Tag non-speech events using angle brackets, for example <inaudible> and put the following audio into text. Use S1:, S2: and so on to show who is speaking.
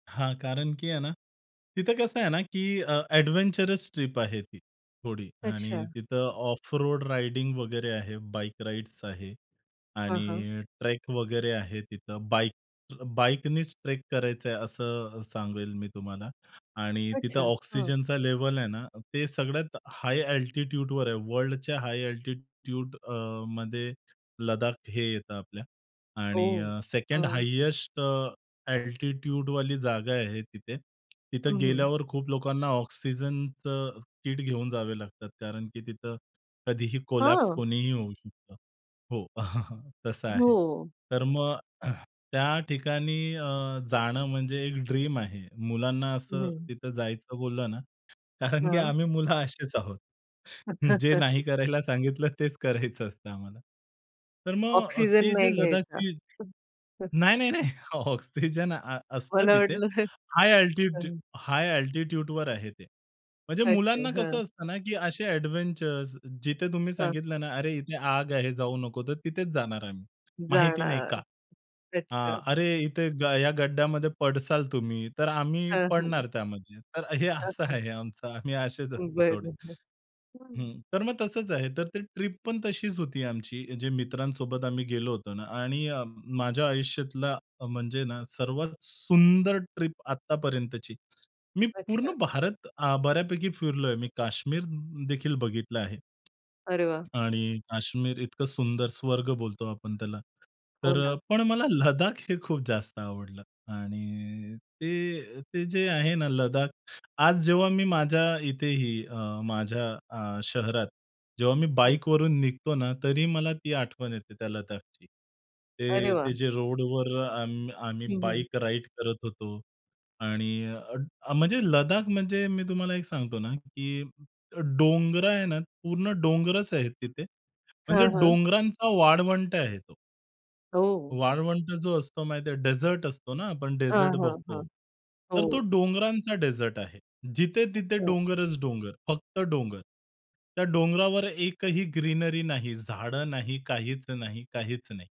S1: हां. कारण, की आहे ना, तिथं कसं आहे ना, की अ, एडव्हेंचरस ट्रिप आहे ती थोडी, आणि
S2: अच्छा.
S1: तिथं ऑफ रोड राइडिंग वगैरे आहे. बाईक राइड्स आहे,
S2: हां, हां.
S1: आणि ट्रेक वगैरे आहे तिथं. बाईक बाईकनीच ट्रेक करायचं आहे, असं सांगेल मी तुम्हाला. आणि तिथं
S2: अच्छा. हां.
S1: ऑक्सिजनचा लेव्हल आहे ना, ते सगळ्यात हाय एल्टिट्यूडवर आहे. वर्ल्डच्या हाय एल्टिट्यूड अ, मध्ये लद्दाख हे येतं आपल्या,
S2: ओह!
S1: आणि सेकंड
S2: हं.
S1: हाइस्ट एटिट्यूडवाली जागा आहे तिथे.
S2: हं,
S1: तिथं
S2: हं.
S1: गेल्यावर खूप लोकांना ऑक्सिजनचं किट घेऊन जावे लागतं, कारण, की तिथं कधीही कोलॅप्स
S2: हां.
S1: कोणीही होऊ शकतं. हो, <chuckles> तसं आहे.
S2: हो.
S1: तर मग <clears throat> त्या ठिकाणी अ, जाणं म्हणजे एक ड्रीम आहे. मुलांना असं
S2: हं.
S1: तिथं जायचं बोललं ना, कारण, की
S2: हां.
S1: आम्ही मुलं अशीच आहोत. जे नाही
S2: <chuckles>
S1: करायला सांगितलं, तेच करायचं असतं आम्हाला. तर मग अ,
S2: ऑक्सिजन
S1: ते जे
S2: नाही घ्यायचा.
S1: लद्दाखची
S2: खूप हं.
S1: नाही, नाही, नाही, ऑक्सिजन अ, असतं
S2: मला
S1: तिथे.
S2: वाटलं.
S1: हाय अल्टिट्यूड
S2: हं.
S1: हाय अल्टिट्यूडवर आहे ते. म्हणजे
S2: अच्छा,
S1: मुलांना
S2: हां.
S1: कसं असतं ना, की असे एडव्हेंचर्स, जिथे तुम्ही
S2: हं.
S1: सांगितलं ना, "अरे, इथे आग आहे, जाऊ नको," तर तिथेच जाणार आम्ही. माहिती नाही का?
S2: जाणार.
S1: हां.
S2: अच्छा.
S1: "अरे, इथे या गड्यामध्ये पडणार तुम्ही," तर आम्ही
S2: हां, हं.
S1: पडणार त्यामध्ये. तर हे असं
S2: अच्छा.
S1: आहे आमचं. आम्ही असेच असतो थोडे.
S2: बरोबर. हं.
S1: हं, तर मग तसंच आहे, तर ते ट्रिप पण तशीच होती आमची, जे मित्रांसोबत आम्ही गेलो होतो ना. आणि अ, माझ्या आयुष्यातला म्हणजे ना, सर्वात सुंदर ट्रिप आत्तापर्यंतची. मी पूर्ण
S2: अच्छा.
S1: भारत अ, बऱ्यापैकी फिरलोय. मी काश्मीर देखील बघितलं आहे
S2: अरे वाह!
S1: ...आणि काश्मीर इतकं सुंदर स्वर्ग बोलतो आपण त्याला.
S2: हो
S1: तर
S2: ना.
S1: पण मला लद्दाख हे खूप जास्त आवडलं. आणि ते-ते जे आहे ना, लद्दाख, आज जेव्हा मी माझ्या इथेही अ, माझ्या अ, शहरात जेव्हा मी
S2: हं.
S1: बाईकवरून निघतो ना, तरी मला ती आठवण येते त्या लद्दाखची.
S2: अरे वाह!
S1: ते-ते जे रोडवर आम आम्ही
S2: हं, हं.
S1: बाईक राइड करत होतो. आणि अ, म्हणजे लद्दाख म्हणजे मी तुम्हाला एक सांगतो ना, की डोंगरं आहे ना, पूर्ण डोंगरंच आहेत तिथे.
S2: हां,
S1: म्हणजे
S2: हां.
S1: डोंगरांचा वाळवंट आहे तो.
S2: हो.
S1: वाळवंट जो असतो माहिती आहे, डेझर्ट असतो ना. आपण
S2: हां,
S1: डेझर्ट
S2: हां,
S1: बघतो.
S2: हां. हो.
S1: तर तो डोंगरांचा डेझर्ट आहे. जिथे तिथे
S2: अच्छा.
S1: डोंगरच डोंगर, फक्त डोंगर. त्या डोंगरावर एकही ग्रीनरी नाही, झाडं नाही, काहीच नाही, काहीच नाही.